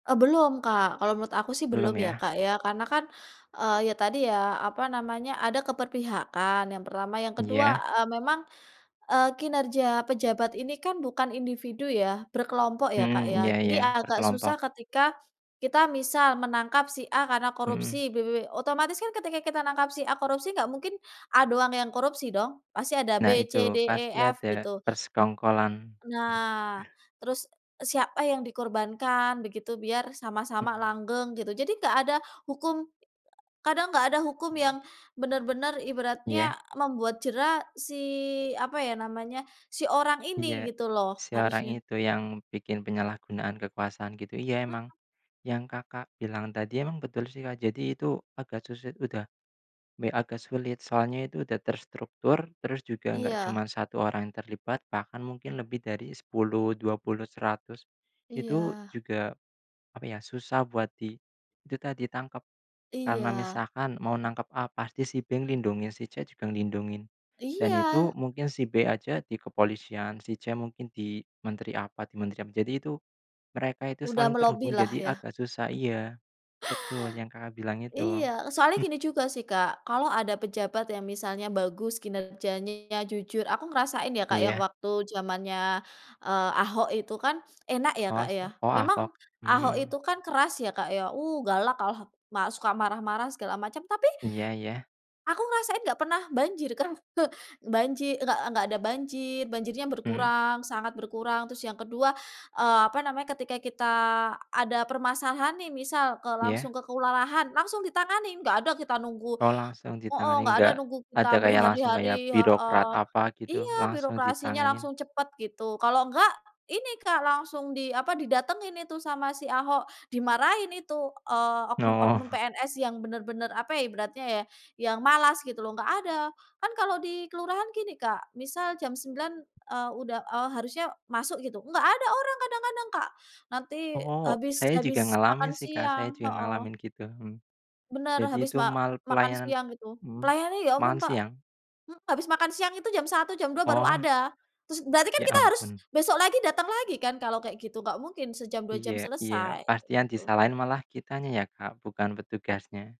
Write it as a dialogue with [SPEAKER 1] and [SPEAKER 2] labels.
[SPEAKER 1] Eee, belum, Kak. Kalau menurut aku sih belum
[SPEAKER 2] Belum
[SPEAKER 1] ya,
[SPEAKER 2] ya?
[SPEAKER 1] Kak, ya. Karena kan, eee, ya tadi ya apa namanya, ada keberpihakan yang pertama. Yang kedua,
[SPEAKER 2] Iya.
[SPEAKER 1] eee, memang, eee, kinerja pejabat ini kan bukan individu ya? Berkelompok ya, Kak,
[SPEAKER 2] Mmm, iya
[SPEAKER 1] ya? Jadi
[SPEAKER 2] iya.
[SPEAKER 1] agak
[SPEAKER 2] Berkelompok.
[SPEAKER 1] susah ketika kita misal menangkap si A karena
[SPEAKER 2] Mhm.
[SPEAKER 1] korupsi. B B B otomatis kan ketika kita nangkap si A korupsi, nggak mungkin A doang yang korupsi dong. Pasti ada B
[SPEAKER 2] Nah itu.
[SPEAKER 1] C D E
[SPEAKER 2] Pasti
[SPEAKER 1] F
[SPEAKER 2] ada
[SPEAKER 1] gitu.
[SPEAKER 2] persengkongkolan.
[SPEAKER 1] Nah, terus siapa yang dikorbankan, begitu. Biar sama-sama
[SPEAKER 2] Mmm.
[SPEAKER 1] langgeng gitu. Jadi nggak ada hukum a kadang nggak ada hukum
[SPEAKER 2] Mmm.
[SPEAKER 1] yang bener-bener,
[SPEAKER 2] Iya.
[SPEAKER 1] ibaratnya membuat jera si apa ya namanya, si orang ini
[SPEAKER 2] Iya.
[SPEAKER 1] gitu loh.
[SPEAKER 2] Seorang
[SPEAKER 1] Harusnya
[SPEAKER 2] itu, yang bikin penyalahgunaan kekuasaan gitu. Iya,
[SPEAKER 1] Mhm.
[SPEAKER 2] emang yang, Kakak, bilang tadi emang betul sih, Kak. Jadi itu agak susa udah, me agak sulit. Soalnya itu udah terstruktur. Terus juga enggak
[SPEAKER 1] Iya.
[SPEAKER 2] cuma 1 orang yang terlibat. Bahkan mungkin lebih dari 10-20-100 Itu
[SPEAKER 1] Iya.
[SPEAKER 2] juga apa ya, susah buat di dita ditangkap. Karena
[SPEAKER 1] Iya.
[SPEAKER 2] misalkan mau nangkep A, pasti si B lindungin. Si C juga lindungin. Dan
[SPEAKER 1] Iya.
[SPEAKER 2] itu mungkin si B aja di kepolisian, si C mungkin di menteri apa di menteri apa. Jadi itu mereka itu
[SPEAKER 1] Udah
[SPEAKER 2] saling terhubung.
[SPEAKER 1] melobilah,
[SPEAKER 2] Jadi
[SPEAKER 1] ya?
[SPEAKER 2] agak susah iya. Betul, yang, Kakak, bilang itu.
[SPEAKER 1] Iya. Soalnya
[SPEAKER 2] Hmm.
[SPEAKER 1] gini juga sih, Kak. Kalau ada pejabat yang misalnya bagus, kinerjanya jujur, aku ngerasain ya, Kak, yang
[SPEAKER 2] Iya.
[SPEAKER 1] waktu jamannya, eee, Ahok itu kan. Enak ya,
[SPEAKER 2] Oh,
[SPEAKER 1] Kak, ya?
[SPEAKER 2] sia oh Ahok?
[SPEAKER 1] Memang Ahok itu
[SPEAKER 2] Mmm.
[SPEAKER 1] kan keras ya, Kak, ya. Uh, galak kalau ma suka marah-marah, segala macam. Tapi,
[SPEAKER 2] Iya iya.
[SPEAKER 1] aku ngerasain nggak pernah banjir kan? Banji nggak nggak ada banjir. Banjirnya
[SPEAKER 2] Hmm.
[SPEAKER 1] berkurang, sangat berkurang. Terus yang kedua eee, apa namanya, ketika kita ada permasalahan nih, misal ke langsung
[SPEAKER 2] Iya.
[SPEAKER 1] ke kelurahan, langsung ditangani. Enggak ada kita nunggu
[SPEAKER 2] Oh, langsung
[SPEAKER 1] heeh.
[SPEAKER 2] ditangani.
[SPEAKER 1] Nggak ada
[SPEAKER 2] Enggak,
[SPEAKER 1] nunggu
[SPEAKER 2] ada
[SPEAKER 1] kita
[SPEAKER 2] kayak langsung kayak
[SPEAKER 1] berhari-hari,
[SPEAKER 2] birokrat
[SPEAKER 1] heeh.
[SPEAKER 2] apa gitu?
[SPEAKER 1] Iya,
[SPEAKER 2] Langsung
[SPEAKER 1] birokrasinya
[SPEAKER 2] ditanganin.
[SPEAKER 1] langsung cepet gitu. Kalau enggak, ini, Kak. Langsung di apa, didatengin itu sama si Ahok. Dimarahin itu, eee, oknum-oknum
[SPEAKER 2] Oh.
[SPEAKER 1] PNS yang bener-bener apa ya ibaratnya ya, yang malas gitu loh. Nggak ada. Kan kalau di kelurahan gini, Kak. Misal jam 9 eee, udah eee, harusnya masuk gitu. Nggak ada orang kadang-kadang, Kak. Nanti
[SPEAKER 2] Oh!
[SPEAKER 1] habis
[SPEAKER 2] Saya
[SPEAKER 1] habis
[SPEAKER 2] juga ngalamin
[SPEAKER 1] makan
[SPEAKER 2] sih, Kak. Saya
[SPEAKER 1] siang
[SPEAKER 2] juga
[SPEAKER 1] heeh.
[SPEAKER 2] ngalamin, gitu, hmm.
[SPEAKER 1] Bener.
[SPEAKER 2] Jadi
[SPEAKER 1] Habis
[SPEAKER 2] itu
[SPEAKER 1] ma
[SPEAKER 2] mal
[SPEAKER 1] makan
[SPEAKER 2] pelayanan
[SPEAKER 1] siang itu.
[SPEAKER 2] mhm.
[SPEAKER 1] Pelayanannya, ampun,
[SPEAKER 2] Makan
[SPEAKER 1] Pak
[SPEAKER 2] siang?
[SPEAKER 1] mmm, habis makan siang itu jam 1, jam 2 baru
[SPEAKER 2] Oh.
[SPEAKER 1] ada. Terus berarti kan
[SPEAKER 2] Ya
[SPEAKER 1] kita harus
[SPEAKER 2] ampun.
[SPEAKER 1] besok lagi datang lagi kan kalau kayak gitu. Nggak mungkin sejam, 2
[SPEAKER 2] Iya
[SPEAKER 1] jam
[SPEAKER 2] iya.
[SPEAKER 1] selesai, kayak
[SPEAKER 2] Pasti yang
[SPEAKER 1] gitu.
[SPEAKER 2] disalahin malah kitanya ya, Kak? Bukan petugasnya.